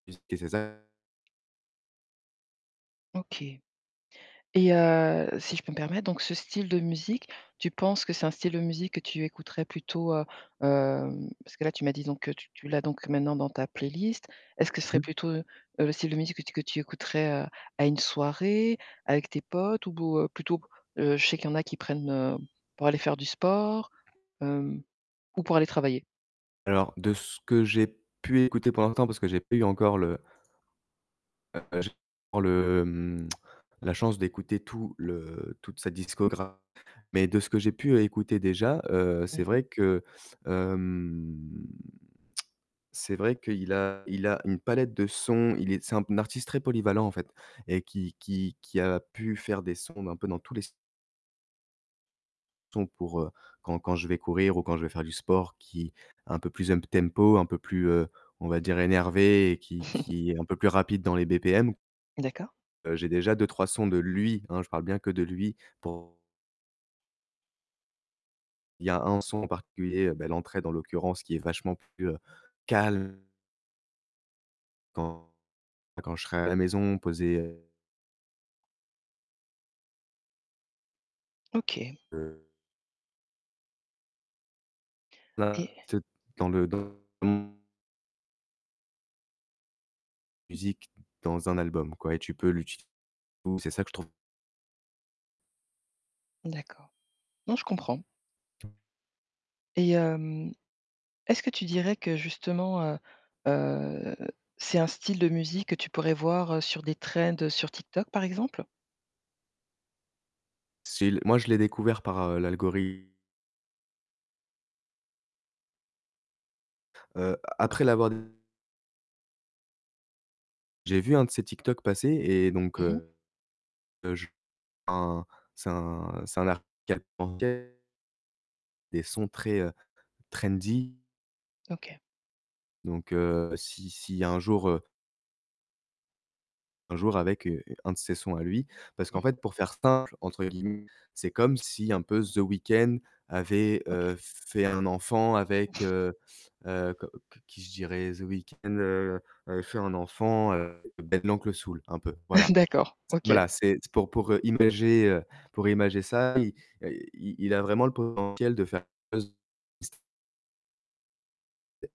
[unintelligible] C'est ça. OK et heu, si je peux me permettre donc ce style de musique, tu penses que c'est un style de musique que tu écouterais plutôt, heu, hem, parce que, là, tu m'as dit donc que tu tu l'as donc maintenant, dans ta playlist. Est-ce que ce Mmh serait mh. plutôt, heu, le style de musique que tu que tu écouterais, heu, à une soirée avec tes potes? Ou bo plutôt, heu, je sais qu'il y en a qui prennent, heu, pour aller faire du sport, hem? Ou pour aller travailler? Alors, de ce que j'ai pu écouter pendant l'instant parce que j'ai pas eu encore le heu heu, j'ai pour le, hem, la chance d'écouter tout le toute sa discograph mais de ce que j'ai pu écouter déjà, heu, Mmh c'est mh. vrai que hem, c'est vrai qu'il a il a une palette de sons, il est c'est un artiste très polyvalent, en fait, et qui qui qui a pu faire des sons un peu dans tous les se son pour, heu, quand quand je vais courir, ou quand je vais faire du sport, qui, un peu plus um tempo, un peu plus, heu, on va dire énervé, et qui qui est un peu plus rapide dans les BPM D'accord. heu, j'ai déjà 2-3 sons de lui, hein, je parle bien que de lui, pour Il y a 1 son en particulier, heu, ben, l'entrée dans l'occurrence, qui est vachement plus calm Quand quand je serai à la maison, poser, heu OK. Heu Et Là, c'est dans le dans [unintelligible] Musique dans un album, quoi, et tu peux l'utiliser, c'est ça que je trouve D'accord, non, je comprends. Et hem est-ce que tu dirais que, justement, heu heu, c'est un style de musique que tu pourrais voir, heu, sur des trends sur TikTok, par exemple? s'il moi je l'ai découvert par, heu, l'algorithme. Heu, après l'avoir des j'ai vu 1 de ces TikTok passer et donc Mmh mh. heu heu, je un, c'est un c'est un [unintelligible] des sons très, trendy. OK. Donc heu, si s'il y a un jour, heu un jour avec, heu, 1 de ses sons à lui, parce qu'en fait, pour «faire simple» entre guillemets, c'est comme si, un peu, The Weekend avait, OK. heu, fait 1 enfant avec, heu heu, que que qui je dirais? The Weekend, heu heu, fait un enfant, heu, Ben l'Oncle Soul, un peu, voilà. D'accord, C OK. voilà, c'est pour pour imager, heu, pour imager ça, il, heu, il il a vraiment le potentiel de faire [unintelligible]